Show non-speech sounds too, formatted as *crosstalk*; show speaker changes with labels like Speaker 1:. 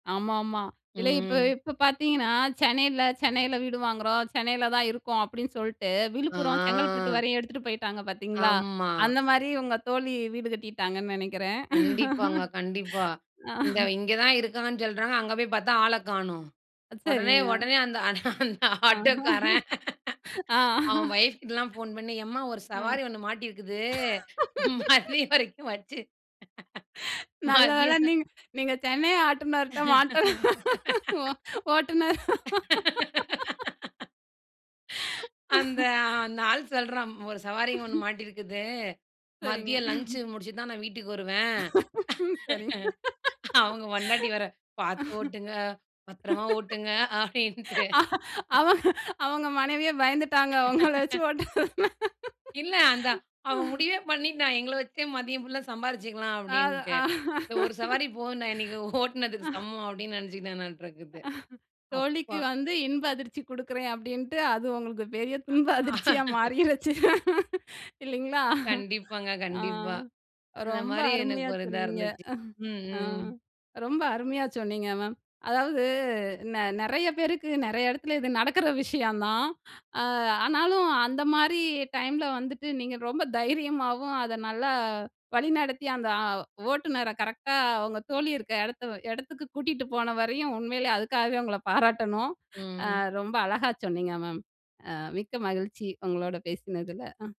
Speaker 1: ஆமாமா. இதுல இப்ப
Speaker 2: ம்.
Speaker 1: இப்ப பாத்தீங்கன்னா, சென்னையில சென்னையில வீடு வாங்குறோம். சென்னையில தான் இருக்கோம். அப்படின்னு சொல்ட்டு, விழுப்புரம் செங்கல்பட்டு
Speaker 2: ஆ.
Speaker 1: வரையும் எடுத்துட்டு போயிட்டாங்க பாத்தீங்களா?
Speaker 2: ஆமா.
Speaker 1: அந்த மாரி, உங்க தோழி வீடு கட்டிட்டாங்கன்னு நெனைக்கிறேன்.
Speaker 2: கண்டிப்பாங்க,
Speaker 1: *laughs*
Speaker 2: கண்டிப்பா. இந்த
Speaker 1: ஆஹ்.
Speaker 2: இங்கதான் இருக்காங்கன்னு சொல்றாங்க. அங்க போய் பாத்தா, ஆளக் காணும். உடனே
Speaker 1: சரிங்க.
Speaker 2: உடனே அந்த அந் அந்த ஆட்டோக்காரன்.
Speaker 1: *laughs* ஆ.
Speaker 2: *laughs* அவன் வொஃப் கிட்டலாம் போன் பண்ணி, எம்மா ஒரு
Speaker 1: அ. *laughs*
Speaker 2: சவாரி ஒண்ணு மாட்டிருக்குது. மதியம் வரைக்கும் வச்சு.
Speaker 1: நல்ல வேளை,
Speaker 2: மதியம்.
Speaker 1: நீங்க நீங்க சென்னை ஆட்டோ ஓட்டுநர் மாட்டல. ஓ
Speaker 2: *laughs*
Speaker 1: ஓட்டுன *laughs*
Speaker 2: *laughs*
Speaker 1: *sighs*
Speaker 2: அந்த
Speaker 1: *laughs*
Speaker 2: அந்த ஆள் சொல்றான். "ஒரு சவாரி இங்க ஒண்ணு
Speaker 1: *chuckles*
Speaker 2: மாட்டியிருக்குது.
Speaker 1: சரிங்க.
Speaker 2: மதியம் லஞ்ச்
Speaker 1: *chuckles*
Speaker 2: முடிச்சுட்டு தான், நான் வீட்டுக்கு வருவேன்"
Speaker 1: *laughs* ம், சரி.
Speaker 2: *laughs* அவுங்க பொண்டாட்டி வேற, "பாத்து
Speaker 1: *laughs*
Speaker 2: ஓட்டுங்க. பத்தரமா ஓட்டுங்க" அப்படின்ட்டு.
Speaker 1: அ அவங்க அவங்க மனைவியே பயந்துட்டாங்க. உங்கள வச்சி
Speaker 2: *laughs*
Speaker 1: ஓட்டுற
Speaker 2: இல்ல அந்த அவன் முடிவே பண்ணிட்டான். எங்கள வச்சே, மதியம் ஃபுல்லா சம்பாரிச்சுக்கலாம்,
Speaker 1: அ,
Speaker 2: அப்டின்ட்டு.
Speaker 1: தான்
Speaker 2: "இந்த ஒரு சவாரி போதுண்டா, இன்னைக்கு ஓட்டுனதுக்கு
Speaker 1: *laughs*
Speaker 2: சமம்" அப்படின்னு நெனச்சுக்கிட்டானாட்ருக்குது.
Speaker 1: *chuckles*
Speaker 2: அப்பா!
Speaker 1: தோழிக்கு வந்து, இன்ப அதிர்ச்சி குடுக்குறேன் அப்படின்டு, அது உங்களுக்கு பெரிய துன்ப அதிர்ச்சியா
Speaker 2: *laughs*
Speaker 1: மாறிருச்சு. இல்லைங்களா?
Speaker 2: கண்டிப்பாங்க,
Speaker 1: ஆ,
Speaker 2: கண்டிப்பா. அந்த
Speaker 1: ரொம்ப
Speaker 2: மாரி எனக்கு
Speaker 1: அருமையா
Speaker 2: ஒரு இதா
Speaker 1: சொன்னீங்க.
Speaker 2: இருந்துச்சு. ம்,
Speaker 1: *chuckles* அ,
Speaker 2: ம், ம்.
Speaker 1: ரொம்ப அருமையா, சொன்னீங்க மேம். அதாவது, நெ நெறைய பேருக்கு, நெறைய எடத்துல, இது நடக்குற விஷயம் தான். அ, ஆனாலும், அந்த மாரி டைம்ல வந்துட்டு, நீங்க ரொம்ப தைரியமாவும், அத நல்லா வழிநடத்தி, அந்த அ, ஓட்டுநரை கரெக்ட்டா, உங்க தோழி இருக்க எடத்த எடத்துக்கு கூட்டிட்டு போன வரையும் உண்மையிலே அதுக்காகவே உங்கள பாராட்டணும். அ,
Speaker 2: ம்.
Speaker 1: ரொம்ப அழகா சொன்னீங்க மேம். அ, மிக்க மகிழ்ச்சி உங்களோட பேசுனதுல. அ.